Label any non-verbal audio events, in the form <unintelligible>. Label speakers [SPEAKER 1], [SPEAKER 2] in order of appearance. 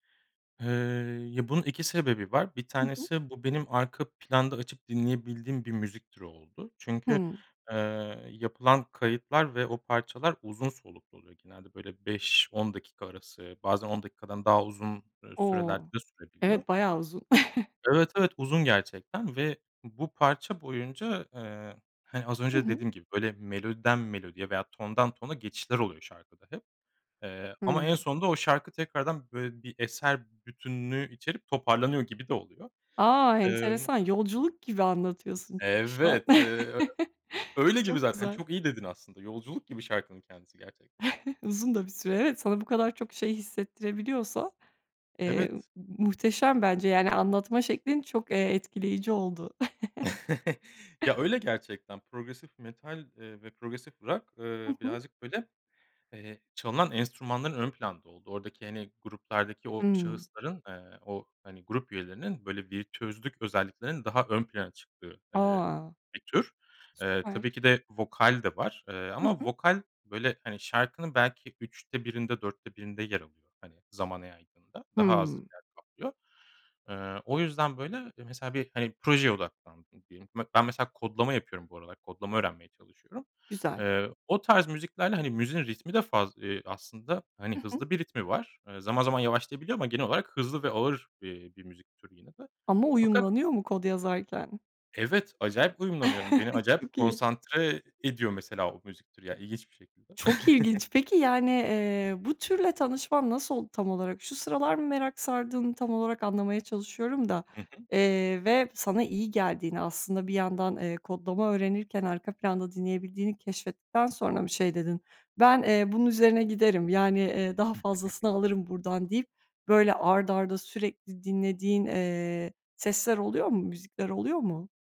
[SPEAKER 1] Eee, ya bunun 2 sebebi var. 1
[SPEAKER 2] Hı hı.
[SPEAKER 1] tanesi bu benim arka planda açıp dinleyebildiğim bir müzik türü oldu. Çünkü,
[SPEAKER 2] Hıı.
[SPEAKER 1] eee, yapılan kayıtlar ve o parçalar uzun soluklu oluyor genelde böyle 5-10 dakika arası bazen 10 dakikadan daha uzun, eee, sürelerde
[SPEAKER 2] O!
[SPEAKER 1] de sürebiliyor.
[SPEAKER 2] evet bayağı uzun. <chuckles>
[SPEAKER 1] Evet, evet uzun gerçekten ve bu parça boyunca, eee, hani az
[SPEAKER 2] Hı
[SPEAKER 1] önce
[SPEAKER 2] hı.
[SPEAKER 1] dediğim gibi böyle melodiden melodiye veya tondan tona geçişler oluyor şarkıda hep ,eee, ama
[SPEAKER 2] Hıı.
[SPEAKER 1] en sonunda o şarkı tekrardan böyle bir eser bütünlüğü içerip toparlanıyor gibi de oluyor.
[SPEAKER 2] A
[SPEAKER 1] Imm.
[SPEAKER 2] enteresan, yolculuk gibi anlatıyorsun çünkü şu an.
[SPEAKER 1] Evet, eee,
[SPEAKER 2] <chuckles>
[SPEAKER 1] öyle gibi
[SPEAKER 2] Çok
[SPEAKER 1] zaten
[SPEAKER 2] güzel.
[SPEAKER 1] çok iyi dedin aslında yolculuk gibi şarkının kendisi gerçekten.
[SPEAKER 2] <chuckles> Uzun da bir süre evet sana bu kadar çok
[SPEAKER 1] <unintelligible>
[SPEAKER 2] şey hissettirebiliyorsa eee
[SPEAKER 1] Evet.
[SPEAKER 2] muhteşem bence yani anlatma şeklin çok eee etkileyici oldu.
[SPEAKER 1] <chuckles> Ya öyle gerçekten. Progresif metal, eee, ve progresif rock,
[SPEAKER 2] Hı
[SPEAKER 1] eee,
[SPEAKER 2] hı.
[SPEAKER 1] birazcık böyle, eee, çalınan enstrümanların ön planda olduğu. Oradaki hani gruplardaki o
[SPEAKER 2] Hıı.
[SPEAKER 1] şahısların, ııı, o hani grup üyelerinin böyle bir tözlük özelliklerinin daha ön plana çıktığı, eee,
[SPEAKER 2] A!
[SPEAKER 1] bir tür. Eee tabii
[SPEAKER 2] Süper.
[SPEAKER 1] ki de vokal de var, eee,
[SPEAKER 2] Hı
[SPEAKER 1] ama
[SPEAKER 2] hı.
[SPEAKER 1] vokal böyle hani şarkının belki 3'te 1'inde 4'te 1'inde yer alıyor. Hani zamana yaydığında. Daha az
[SPEAKER 2] Hıı.
[SPEAKER 1] yer kaplıyor. Eee, o yüzden böyle mesela hani bir projeye odaklandım diyelim. Bak ben mesela kodlama yapıyorum bu arada. Kodlama öğrenmeye çalışıyorum.
[SPEAKER 2] Güzel.
[SPEAKER 1] Eee, o tarz müziklerle hani müziğin ritmi de faz eee aslında hani
[SPEAKER 2] Hı hı.
[SPEAKER 1] hızlı bir ritmi var. Eee zaman zaman yavaşlayabiliyor ama genel olarak hızlı ve ağır, eee, bir müzik türü yine de.
[SPEAKER 2] Ama
[SPEAKER 1] Fakat
[SPEAKER 2] uyumlanıyor mu kod yazarken?
[SPEAKER 1] Evet acayip uyumlanıyorum. Beni
[SPEAKER 2] <chuckles>
[SPEAKER 1] acayip
[SPEAKER 2] Çok iyi.
[SPEAKER 1] konsantre ediyor mesela o müzik türü ya ilginç bir şekilde.
[SPEAKER 2] Çok
[SPEAKER 1] <chuckles>
[SPEAKER 2] ilginç. Peki yani, eee, bu türle tanışman nasıl oldu tam olarak? Şu sıralar mı merak sardığını tam olarak anlamaya çalışıyorum da,
[SPEAKER 1] Hı hı.
[SPEAKER 2] eee, ve sana iyi geldiğini, aslında bir yandan, eee, kodlama öğrenirken arka planda dinleyebildiğini keşfettikten sonra mı şey dedin? Ben, eee, bunun üzerine giderim. Yani, eee, daha
[SPEAKER 1] <giggles>
[SPEAKER 2] fazlasını alırım buradan deyip böyle art arda sürekli dinlediğin, eee, sesler oluyor mu? Müzikler oluyor mu?